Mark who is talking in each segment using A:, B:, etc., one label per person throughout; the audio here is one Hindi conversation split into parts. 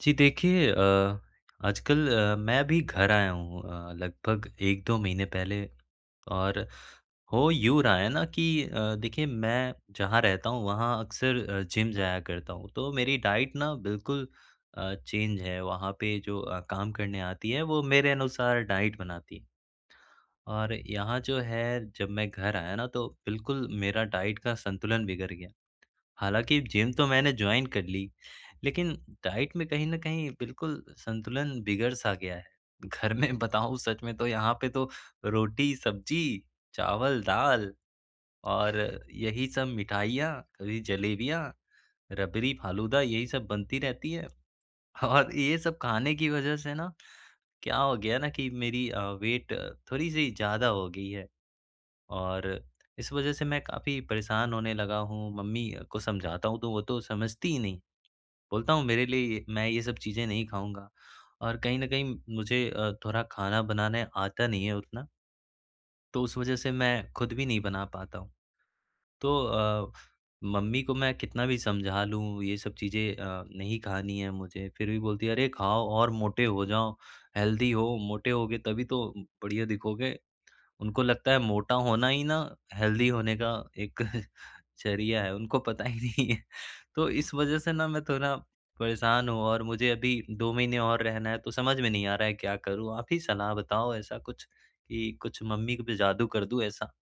A: जी देखिए, अ, आजकल अ, मैं भी घर आया हूँ अ, लगभग 1-2 महीने पहले, और हो यूँ रहा है ना कि अ, देखिए मैं जहाँ रहता हूँ वहाँ अक्सर जिम जाया करता हूँ तो मेरी डाइट ना बिल्कुल अ, चेंज है वहाँ पे जो अ, काम करने आती है वो मेरे अनुसार डाइट बनाती है। और यहाँ जो है जब मैं घर आया ना तो बिल्कुल मेरा डाइट का संतुलन बिगड़ गया। हालाँकि जिम तो मैंने जॉइन कर ली लेकिन डाइट में कहीं न कहीं बिल्कुल संतुलन बिगड़-सा गया है। घर में बताऊँ सच में तो यहाँ पे तो रोटी-सब्जी, चावल-दाल और यही सब मिठाइयाँ कभी जलेबियाँ रबड़ी-फ़ालूदा यही सब बनती रहती है और ये सब खाने की वजह से ना क्या हो गया ना कि मेरी अ, वेट थोड़ी-सी ज़्यादा हो गई है। और इस वजह से मैं काफ़ी परेशान होने लगा हूँ, मम्मी को समझाता हूँ तो वो तो समझती ही नहीं, बोलता हूँ मेरे लिए मैं ये सब चीज़ें नहीं खाऊँगा और कहीं न कहीं मुझे अ, थोड़ा खाना बनाने आता नहीं है उतना तो उस वजह से मैं ख़ुद भी नहीं बना पाता हूँ। तो अ, मम्मी को मैं कितना भी समझा लूँ ये सब चीज़ें अ, नहीं खानी है मुझे फिर भी बोलती है, "अरे खाओ, और मोटे हो जाओ, हेल्दी हो, मोटे होगे तभी तो बढ़िया दिखोगे" उनको लगता है मोटा होना ही ना, हेल्दी होने का एक ज़रिया है, उनको पता ही नहीं है तो इस वजह से ना मैं थोड़ा परेशान हूँ और मुझे अभी 2 महीने और रहना है तो समझ में नहीं आ रहा है क्या करूँ आप ही सलाह बताओ ऐसा कुछ कि, कुछ मम्मी को भी जादू कर दूँ ऐसा।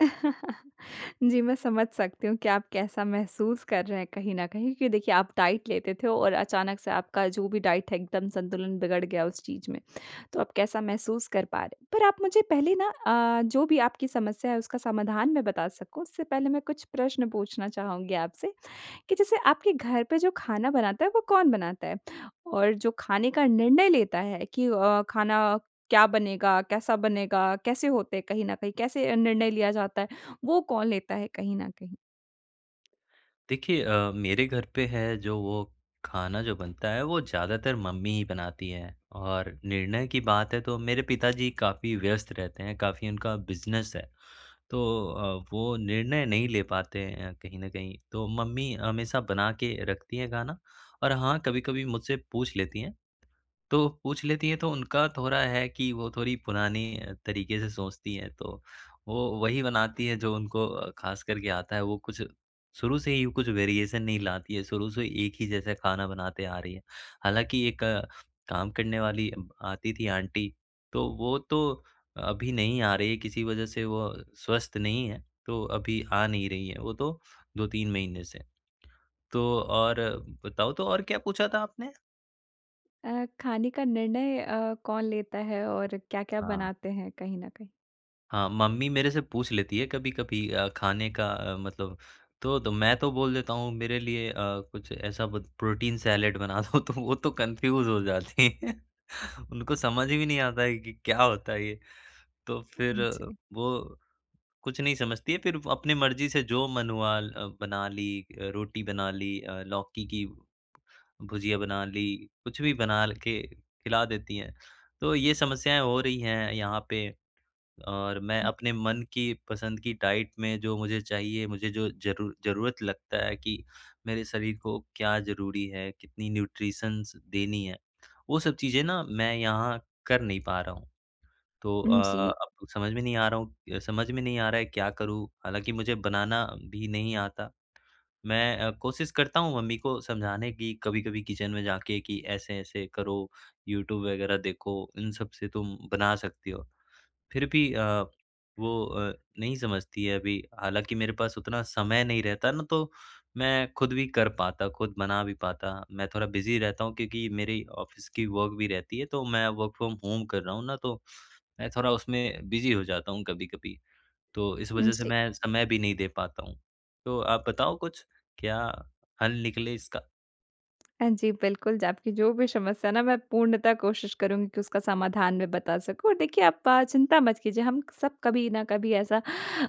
B: जी, मैं समझ सकती हूँ कि आप कैसा महसूस कर रहे हैं कहीं न कहीं क्योंकि देखिए आप डाइट लेते थे और अचानक से आपका जो भी डाइट है एकदम संतुलन बिगड़ गया उस चीज़ में तो आप कैसा महसूस कर पा रहे हैं। पर आप मुझे पहले न अ, जो भी आपकी समस्या है उसका समाधान मैं बता सकूँ, उससे पहले मैं कुछ प्रश्न पूछना चाहूँगी आपसे कि जैसे आपके घर पे जो खाना बनाता है वो कौन बनाता है? और जो खाने का निर्णय लेता है कि अ, खाना क्या बनेगा, कैसा बनेगा, कैसे होते हैं कहीं न कहीं, कैसे अ, निर्णय लिया जाता है, वो कौन लेता है कहीं न कहीं।
A: देखिए अ, मेरे घर पे है जो वो खाना जो बनता है वो ज़्यादातर मम्मी ही बनाती हैं और निर्णय की बात है तो मेरे पिताजी काफ़ी व्यस्त रहते हैं। काफ़ी उनका बिज़नेस है तो अ, वो निर्णय नहीं ले पाते हैं अ, कहीं न कहीं तो मम्मी हमेशा बना के रखती हैं खाना और हाँ कभी-कभी मुझसे पूछ लेती हैं तो पूछ लेती हैं तो उनका थोड़ा है कि वो थोड़ी पुरानी अ, तरीके से सोचती हैं। तो वो वही बनाती हैं जो उनको खास करके आता है वो कुछ शुरू से ही कुछ वेरिएशन नहीं लाती हैं। शुरू से एक ही जैसा खाना बनाते आ रही हैं। हालाँकि एक काम करने वाली ब आती थी आंटी तो वो तो अभी नहीं आ रही हैं किसी वजह से वो स्वस्थ नहीं हैं तो अभी आ नहीं रही हैं। वो तो 2-3 महीने से। तो और बताओ तो और क्या पूछा था आपने?
B: अ, खाने का निर्णय अ, कौन लेता है और क्या-क्या
A: हाँ।
B: बनाते हैं कहीं न कहीं।
A: हाँ, मम्मी मेरे से पूछ लेती है कभी-कभी अ, खाने का मतलब तो तो मैं तो बोल देता हूँ मेरे लिए अ, कुछ ऐसा ब प्रोटीन सैलेड बना दो तो वो तो कन्फ्यूज हो जाती हैं। उनको समझ भी नहीं आता है कि क्या होता है ये? तो फिर
B: जी।
A: वो कुछ नहीं समझती हैं फिर अपनी मर्ज़ी से जो मन हुआ ल बना ली। रोटी बना ली लौकी की भुजिया बना ली कुछ भी बना के खिला देती हैं। तो ये समस्याएँ हो रही हैं यहाँ पे, और मैं अपने मन की पसंद की डाइट में जो मुझे चाहिए मुझे जो ज़रूर ज़रूरत लगता है कि मेरे शरीर को क्या ज़रूरी है कितनी न्यूट्रिशन्स देनी है वो सब चीज़ें ना मैं यहाँ कर नहीं पा रहा हूँ। तो अ,
B: उम, जी।
A: अब समझ में नहीं आ रहा हूँ समझ में नहीं आ रहा है क्या करूँ हालाँकि मुझे बनाना भी नहीं आता। मैं अ, कोशिश करता हूँ मम्मी को समझाने की कभी-कभी किचन में जाके कि ऐसे-ऐसे करो। यूट्यूब वगैरह देखो इन सब से तुम बना सकती हो फिर भी अ, वो अ, नहीं समझती है अभी हालाँकि मेरे पास उतना समय नहीं रहता न तो मैं खुद भी कर पाता खुद बना भी पाता। मैं थोड़ा बिज़ी रहता हूँ क्योंकि मेरी ऑफिस की वर्क भी रहती है तो मैं वर्क फ्रॉम होम कर रहा हूँ ना तो मैं थोड़ा उसमें बिज़ी हो जाता हूँ कभी-कभी। तो इस वजह से
B: जी।
A: मैं समय भी नहीं दे पाता हूँ, तो आप बताओ कुछ क्या हल निकले इसका?
B: हाँ जी, बिल्कुल, ज आपकी जो भी समस्या है न मैं पूर्णतः कोशिश करूँगी कि उसका समाधान में बता सकूँ। और देखिए प चिंता मत कीजिए, हम सब कभी न कभी ऐसा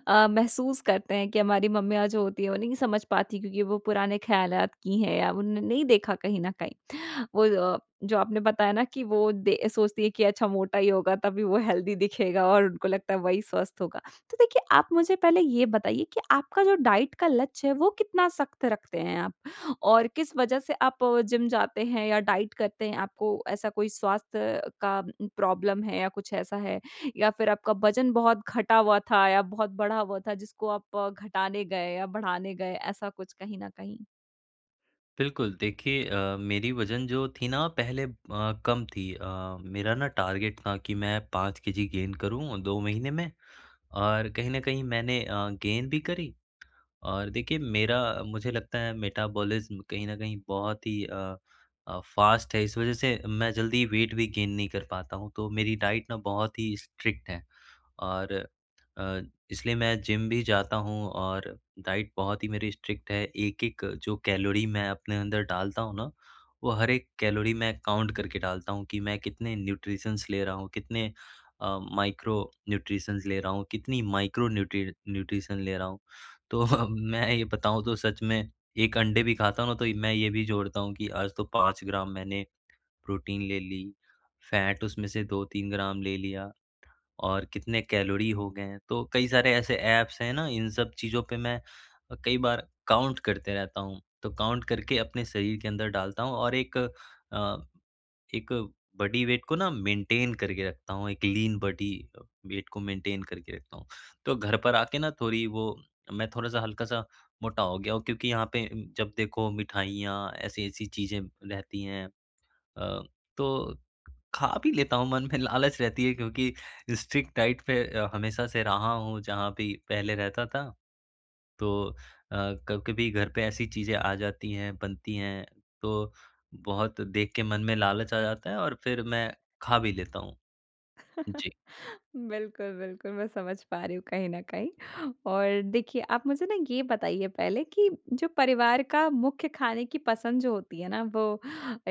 B: अ, महसूस करते हैं कि हमारी मम्मियाँ जो होती है वो नहीं समझ पातीं क्योंकि वो पुराने खयालात की हैं या उन ने नहीं देखा कहीं न कहीं वो अ, जो आपने बताया न कि वो दे सोचती है कि अच्छा मोटा ही होगा तभी वो हेल्दी दिखेगा और उनको लगता है वही स्वस्थ होगा। तो देखिए आप मुझे पहले ये बताइए कि आपका जो डाइट का लक्ष्य है वो कितना सख़्त रखते हैं आप? और किस वज़ह से आप जिम जाते हैं या डाइट करते हैं? आपको ऐसा कोई स्वास्थ्य का प्रॉब्लम है या कुछ ऐसा है? या फिर आपका वज़न बहुत घटा हुआ था या बहुत बढ़ा हुआ था, जिसको आप घटाने गए या बढ़ाने गए ऐसा कुछ कहीं न कहीं?
A: बिल्कुल, देखिए अ, मेरी वज़न जो थी न पहले अ, कम थी अ, मेरा न टारगेट था कि मैं 5 केजी गेन करूँ 2 महीने में और कहीं न कहीं मैंने अ, गेन भी करी और देखिए मेरा, मुझे लगता है मेटाबॉलिज्म कहीं न कहीं बहुत ही अ अ, फ़ास्ट है इस वज़ह से मैं जल्दी वेट भी गेन नहीं कर पाता हूँ तो मेरी डाइट ना बहुत ही स्ट्रिक्ट है और अ, इसलिए मैं जिम भी जाता हूँ। और डाइट बहुत ही मेरी स्ट्रिक्ट है एक-एक जो कैलोरी मैं अपने अंदर डालता हूँ न, वो हर एक कैलोरी में काउंट करके डालता हूँ कि मैं कितने न्यूट्रिशंस ले रहा हूँ, कितने अ, माइक्रो न्यूट्रिशंस ले रहा हूँ, कितनी माइक्रो न्यूट्री न्यूट्रिशन ले रहा हूँ तो मैं ये बताऊँ तो सच में 1 अंडे भी खाता हूँ न तो मैं ये भी जोड़ता हूँ कि आज तो 5 ग्राम मैंने प्रोटीन ले ली, फैट उसमें से 2-3 ग्राम ले लिया और कितने कैलोरी हो गए हैं तो कई सारे ऐसे ऐप्स हैं न इन सब चीज़ों पे मैं कई बार काउंट करते रहता हूँ तो काउंट करके अपने शरीर के अंदर डालता हूँ और एक अ, एक बॉडी वेट को न मेंटेन करके रखता हूँ, एक लीन बॉडी वेट को मेंटेन करके रखता हूँ। तो घर पर आके ना थोड़ी वो मैं थोड़ा-सा हल्का-सा मोटा हो गया हूँ क्योंकि यहाँ पे जब देखो मिठाइयाँ ऐसी-ऐसी चीज़ें रहती हैं। अ, तो खा भी लेता हूँ मन में लालच रहती है क्योंकि स्ट्रिक्ट डाइट पे हमेशा से रहा हूँ जहाँ भी पहले रहता था। तो अ, कभी-कभी घर पे ऐसी चीज़ें आ जाती हैं, बनती हैं तो बहुत देख के मन में लालच आ जाता है और फिर मैं खा भी लेता हूँ। जी।
B: बिल्कुल, बिल्कुल मैं समझ पा रही हूँ कहीं न कहीं और देखिए आप मुझे न ये बताइए पहले कि जो परिवार का मुख्य खाने की पसंद जो होती है न वो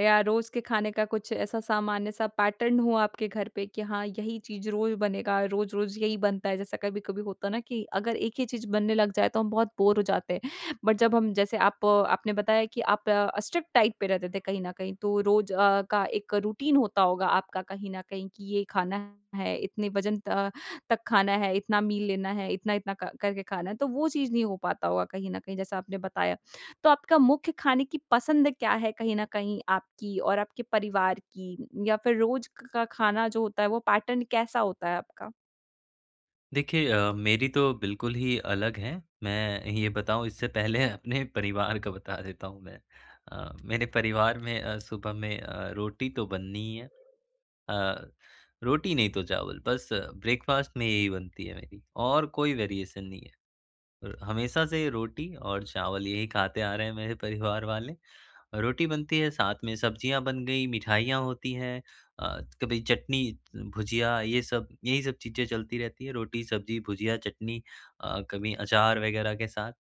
B: या रोज़ के खाने का कुछ ऐसा सामान्य-सा पैटर्न हुआ आपके घर पे कि हाँ यही चीज़ रोज़ बनेगा, रोज़-रोज़ यही बनता है जैसा कभी-कभी होता है न कि अगर एक ही चीज़ बनने लग जाए तो हम बहुत बोर हो जाते हैं। बट जब हम जैसे आप आपने बताया कि कि आप स्ट्रिक्ट डाइट पे रहते थे कहीं न कहीं तो रोज़ का एक रूटीन होता होगा आपका कहीं न कहीं कि ये खाना है, इतने वज़न त तक खाना है, इतना मील लेना है, इतना-इतना क करके खाना है तो वो चीज़ नहीं हो पाता होगा कहीं न कहीं जैसा आपने बताया। तो आपका मुख्य खाने की पसंद क्या है कहीं न कहीं आपकी और आपके परिवार की या फिर रोज़ क खा खाना जो होता है वो पैटर्न कैसा होता है आपका?
A: देखिए अ, मेरी तो बिल्कुल ही अलग है, मैं ये बताऊँ इससे पहले अपने परिवार का बता देता हूँ मैं। अ, मेरे परिवार में अ, सुबह में अ, रोटी तो बननी ही है, अ, रोटी नहीं तो चावल, बस ब्रेकफास्ट में यही बनती है मेरी और कोई वेरिएशन नहीं है। अ, हमेशा से रोटी और चावल यही खाते आ रहे हैं मेरे परिवार वाले। रोटी बनती है साथ में सब्जियाँ बन गई मिठाइयाँ होती हैं अ, कभी चटनी भुजिया ये सब, यही सब चीज़ें चलती रहती है, रोटी-सब्ज़ी भुजिया चटनी अ, कभी अचार वग़ैरह के साथ।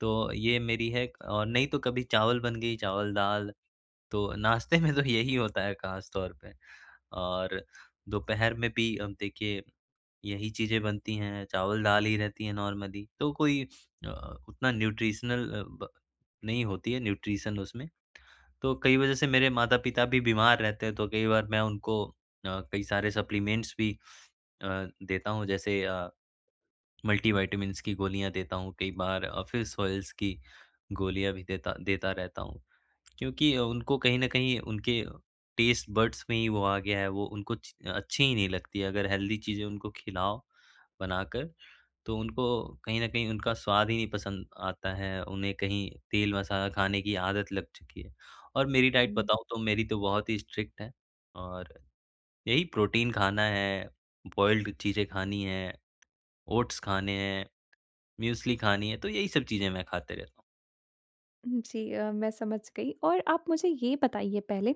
A: तो ये मेरी है क और नहीं तो कभी चावल बन गई चावल-दाल तो नाश्ते में तो यही होता है ख़ास तौर पे। और दोपहर में भी अब देखिए यही चीज़ें बनती हैं, चावल-दाल ही रहती है नॉर्मली तो कोई अ, उतना न्यूट्रिशनल अ, ब नहीं होती है न्यूट्रिशन उसमें। तो कई वज़ह से मेरे माता-पिता भी बीमार रहते हैं तो कई बार मैं उनको अ, कई सारे सप्लीमेंट्स भी अ, देता हूँ। जैसे अ, मल्टीविटामिन्स की गोलियाँ देता हूँ कई बार अ, फिश ऑयल्स की गोलियाँ भी देता देता रहता हूँ क्योंकि उनको कहीं न कहीं उनके टेस्ट बड्स में ही वो आ गया है वो उनको च अच्छी ही नहीं लगती है अगर हेल्दी चीज़ें उनको खिलाओ बनाकर, तो उनको कहीं न कहीं उनका स्वाद ही नहीं पसंद आता है, उन्हें कहीं तेल-मसाला खाने की आदत लग चुकी है। और मेरी डाइट
B: हुँ।
A: बताओ तो मेरी तो बहुत ही स्ट्रिक्ट है और यही प्रोटीन खाना है, बॉइल्ड़ चीज़ें खानी हैं, ओट्स खाने हैं, मूसली खानी है तो यही सब चीज़ें मैं खाते रहता हूँ।
B: हुँ, जी। अ, मैं समझ गई और आप मुझे ये बताइए पहले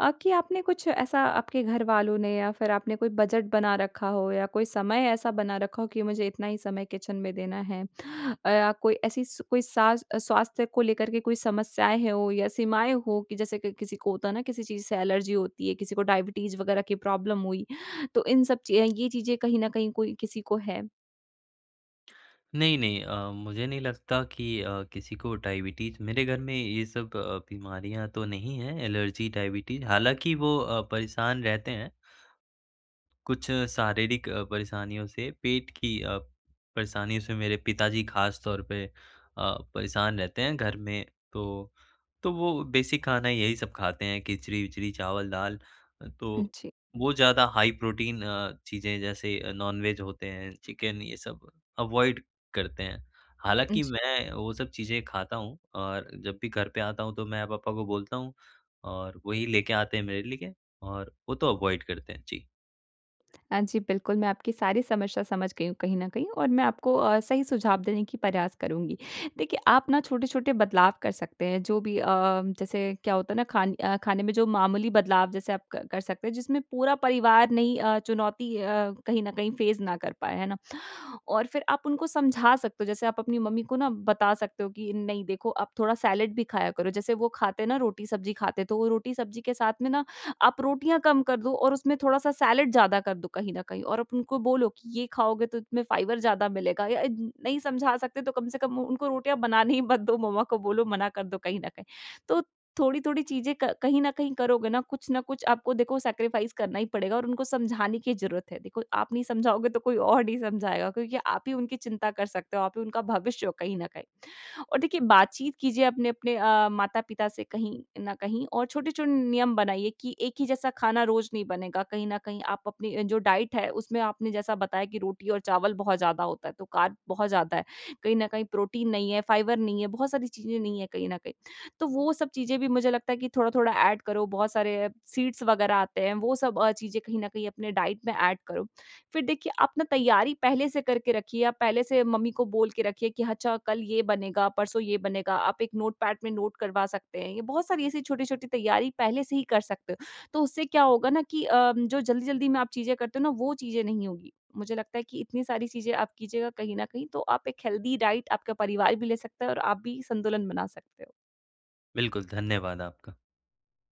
B: अ, कि आपने कुछ ऐसा आपके घरवालों ने या फिर आपने कोई बजट बना रखा हो या कोई समय ऐसा बना रखा हो कि मुझे इतना ही समय किचन में देना है। अ, कोई ऐसी कोई सा स्वास्थ्य को लेकर के कोई समस्याएँ हो या सीमाएँ हो कि जैसे कि किसी को होता है ना किसी चीज़ से एलर्जी होती है, किसी को डायबिटीज वग़ैरह की प्रॉब्लम हुई तो इन सब चीज़ ये चीज़ें कहीं न कहीं कोई किसी को है?
A: नहीं-नहीं अ, मुझे नहीं लगता कि अ, किसी को डायबिटीज मेरे घर में ये सब अ, बीमारियाँ तो नहीं है एलर्जी, डायबिटीज, हालाँकि वो अ, परेशान रहते हैं। कुछ शारीरिक परेशानियों से। पेट की परेशानियों से मेरे पिताजी ख़ास तौर पे अ, परेशान रहते हैं घर में तो, तो वो बेसिक खाना यही सब खाते हैं खिचड़ी-विचड़ी चावल-दाल। तो
B: उ, जी।
A: वो ज़्यादा हाई प्रोटीन अ, चीज़ें जैसे नॉनवेज होते हैं चिकन ये सब अवॉइड करते हैं। हालाँकि
B: जी।
A: मैं वो सब चीज़ें खाता हूँ और जब भी घर पे आता हूँ तो मैं पापा को बोलता हूँ और वही लेके आते हैं मेरे लिए। और वो तो अवॉइड करते हैं। जी।
B: हाँ, जी, बिल्कुल, मैं आपकी सारी समस्या समझ गई हूँ कहीं न कहीं और मैं आपको अ, सही सुझाव देने के प्रयास करूँगी। देखिए आप ना छोटे-छोटे बदलाव कर सकते हैं जो भी अ, जैसे क्या होता है ना खान अ, खाने में जो मामूली बदलाव जैसे अ, आप क कर सकते हैं जिसमें पूरा परिवार नहीं चुनौती अ, कहीं न कहीं फ़ेस ना कर पाएँ, है ना? और फिर आप उनको समझा सकते हो, जैसे आप अपनी मम्मी को ना बता सकते हो कि नहीं देखो आप थोड़ा सैलेड भी खाया करो, जैसे वो खाते हैं ना रोटी-सब्ज़ी खाते हैं तो रोटी-सब्ज़ी के साथ में ना आप रोटियाँ कम कर दो और उसमें थोड़ा-सा सैलेड ज़्यादा कर दो कहीं न कहीं, और आप उनको बोलो कि ये खाओगे तो उसमें फाइबर ज़्यादा मिलेगा या अ अ, नहीं समझा सकते तो कम से कम उनको रोटियाँ बनाने ही मत दो, मम्मा को बोलो मना कर दो कहीं न कहीं। तो थोड़ी-थोड़ी चीज़ें क कहीं न कहीं करोगे ना, कुछ न कुछ आपको देखो सैक्रिफ़ाइस करना ही पड़ेगा और उनको समझाने की ज़रूरत है देखो आप नहीं समझाओगे तो कोई और नहीं समझाएगा क्योंकि आप ही उनकी चिंता कर सकते हो, आप भी उनका भविष्य हो कहीं न कहीं। और देखिए बातचीत कीजिए अपने अपने अ, माता-पिता से कहीं न कहीं और छोटे-छोटे नियम बनाइए कि एक ही जैसा खाना रोज़ नहीं बनेगा कहीं न कहीं आप अपनी जो डाइट है उसमें आपने जैसा बताया कि रोटी और चावल बहुत ज़्यादा होता है, तो कार्ब बहुत ज़्यादा है, कहीं न कहीं प्रोटीन नहीं है, फ़ाइबर नहीं है, बहुत सारी चीज़ें नहीं हैं कहीं न कहीं। तो वो सब चीज़ें भी मुझे लगता है कि थोड़ा-थोड़ा ऐड करो, बहुत सारे सीड्स वग़ैरह आते हैं, वो सब अ, चीज़ें कहीं न कहीं अपने डाइट में ऐड करो। फिर देखिए आप न तैयारी पहले से करके रखिए, आप पहले से मम्मी को बोल के रखिए कि अच्छा कल ये बनेगा, परसों ये बनेगा, आप एक नोटपैड में नोट करवा सकते हैं, ये बहुत सारी ऐसी छोटी-छोटी तैयारी पहले से ही कर सकते हो। तो उससे क्या होगा न कि अ, जो जल्दी-जल्दी में आप चीज़ें करते हो ना वो चीज़ें नहीं होगी। मुझे लगता है कि इतनी सारी चीज़ें आप कीजिएगा कहीं न कहीं तो आप एक हेल्दी डाइट आपका परिवार भी ले सकते है और आप भी संतुलन बना सकते हो।
A: बिल्कुल, धन्यवाद आपका।